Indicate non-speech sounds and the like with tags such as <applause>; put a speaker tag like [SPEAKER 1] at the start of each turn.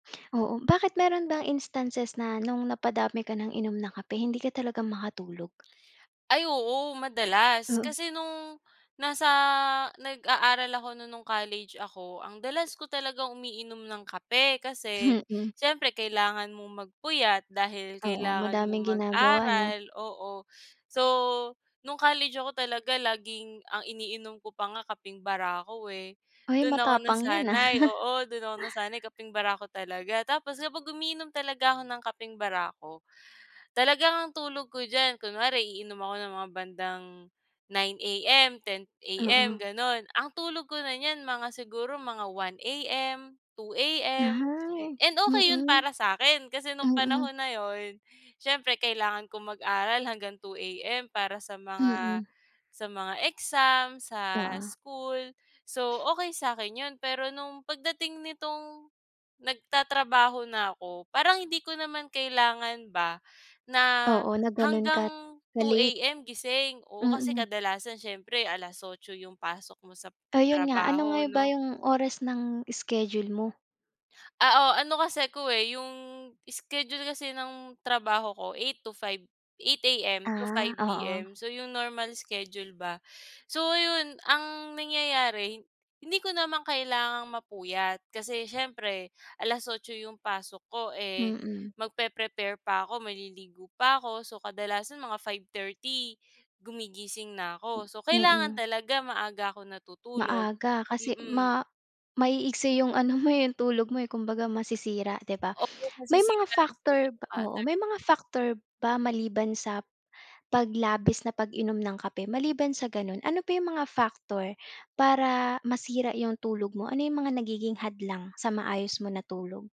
[SPEAKER 1] Oo, bakit meron bang instances na no'ng napadami ka ng inom na kape, hindi ka talaga makatulog?
[SPEAKER 2] Ay, oo, madalas.
[SPEAKER 1] Oo.
[SPEAKER 2] Kasi nong, nasa nag-aaral ako non no'ng college ako, ang dalas ko talagang umiinom ng kape. Kasi,
[SPEAKER 1] Mm.
[SPEAKER 2] siyempre kailangan mong magpuyat dahil
[SPEAKER 1] Oo,
[SPEAKER 2] kailangan mong
[SPEAKER 1] madaming ginagawa ano?
[SPEAKER 2] mag-aral. Oo. So, no'ng college ako talaga laging ang iniinom ko pa nga kapeng barako, eh.
[SPEAKER 1] Ay
[SPEAKER 2] Do'n ako
[SPEAKER 1] matapang 'yan, ah.
[SPEAKER 2] nasanay. Oo, do'n ako
[SPEAKER 1] <chuckles>
[SPEAKER 2] nasanay, kapeng barako talaga. Tapos kapag umiinom talaga ako ng kapeng barako, talagang ang tulog ko diyan kunwari iinom ako ng mga bandang 9 AM, 10 AM
[SPEAKER 1] Oo.
[SPEAKER 2] ganon, ang tulog ko na niyan mga siguro mga 1 AM, 2 AM,
[SPEAKER 1] Ay.
[SPEAKER 2] and okey 'yon
[SPEAKER 1] Mm.
[SPEAKER 2] para sa'kin, kasi no'ng
[SPEAKER 1] Mm.
[SPEAKER 2] panahon na 'yon, siyempre kailangan kong mag-aral hanggang 2 AM para sa mga
[SPEAKER 1] Mm.
[SPEAKER 2] sa mga exam, sa
[SPEAKER 1] Oo.
[SPEAKER 2] school. So okey sa'kin 'yon, pero no'ng pagdating nitong, nagtatrabaho na ako, parang hindi ko naman kailangan ba, na,
[SPEAKER 1] Oo, na ganon ka,
[SPEAKER 2] hanggang two
[SPEAKER 1] na-late.
[SPEAKER 2] A-M gising. Oo, kasi
[SPEAKER 1] Mm.
[SPEAKER 2] kadalasan siyempre alas otso yung pasok mo sa
[SPEAKER 1] Ayon nga, ano nga
[SPEAKER 2] trabaho
[SPEAKER 1] ba
[SPEAKER 2] 'no.
[SPEAKER 1] yung oras ng schedule mo?
[SPEAKER 2] Ah, oh, ano kasi ko, eh, 'yong schedule kasi ng trabaho ko 8 to 5, 8 AM to
[SPEAKER 1] Ah,
[SPEAKER 2] five
[SPEAKER 1] oo.
[SPEAKER 2] P-M. So, 'yong normal schedule ba. So 'yon, ang nangyayari, hindi ko namang kailangang mapuyat, kasi siyempre alas otso 'yong pasok ko, eh,
[SPEAKER 1] Mm.
[SPEAKER 2] magpeprepare pa ako, maliligo pa ako. So kadalasan mga 5:30 gumigising na ako. So kailangan
[SPEAKER 1] Mm.
[SPEAKER 2] talaga maaga ako natutulog.
[SPEAKER 1] Maaga kasi
[SPEAKER 2] Mm.
[SPEAKER 1] ma maiiksi yung ano mo, yung tulog mo, eh. Kumbaga masisira, 'di ba?
[SPEAKER 2] Oo,
[SPEAKER 1] May mga
[SPEAKER 2] masisira yung sleeping
[SPEAKER 1] factor b oo,
[SPEAKER 2] pattern.
[SPEAKER 1] may mga factor ba maliban sa, paglabis na pag-inom ng kape? Maliban sa ganon, ano pa yung mga factor para masira yung tulog mo? Ano yung mga nagiging hadlang sa maayos mo na tulog?